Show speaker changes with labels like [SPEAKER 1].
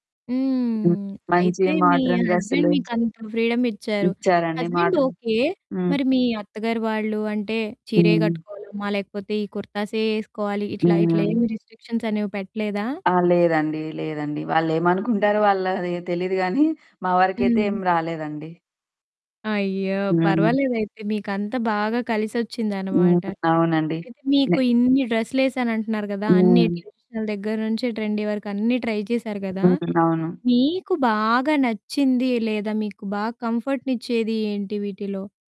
[SPEAKER 1] హ్మ్.
[SPEAKER 2] మంచి
[SPEAKER 1] అయితే, మీ
[SPEAKER 2] మాడ్రన్
[SPEAKER 1] హస్బెండ్
[SPEAKER 2] డ్రె‌స్సులు
[SPEAKER 1] మీకు అంత ఫ్రీడమ్ ఇచ్చారు.
[SPEAKER 2] ఇచ్చారండి
[SPEAKER 1] హస్బెండ్
[SPEAKER 2] మాడ్రన్
[SPEAKER 1] ఓకే.
[SPEAKER 2] హ్మ్.
[SPEAKER 1] మరి మీ అత్తగారు వాళ్ళు అంటే, చీరే
[SPEAKER 2] హ్మ్.
[SPEAKER 1] కట్టుకోవాలమ్మా లేకపోతే ఈ కుర్తాసే ఏసుకోవాలి. ఇట్లా, ఇట్లా ఏం
[SPEAKER 2] హ్మ్.
[SPEAKER 1] రిస్ట్రిక్షన్స్ అనేవి పెట్టలేదా?
[SPEAKER 2] ఆ! లేదండి. లేదండి. వాళ్ళు ఏమనుకుంటారో, వాళ్ళ‌ది తెలీదు గానీ మా వరకైతే ఏం
[SPEAKER 1] హ్మ్.
[SPEAKER 2] రాలేదండి.
[SPEAKER 1] అయ్యో!
[SPEAKER 2] హ్మ్.
[SPEAKER 1] పర్వాలేదు అయితే. మీకంతా బాగా కలిసొచ్చిందనమాట.
[SPEAKER 2] హ్మ్. అవునండి.
[SPEAKER 1] అయితే, మీకు
[SPEAKER 2] నే
[SPEAKER 1] ఇన్ని డ్రెస్‌లేశాను అంటన్నారు కదా! అన్ని
[SPEAKER 2] హ్మ్.
[SPEAKER 1] ట్రెడిషనల్ దగ్గర నుంచే ట్రెండీ వరకు అన్నీ ట్రై చేశారు గదా!
[SPEAKER 2] హ్మ్. అవును.
[SPEAKER 1] మీకు బాగా నచ్చింది లేదా మీకు బాగా కంఫర్ట్‌ని ఇచ్చేది ఏంటి వీటిలో?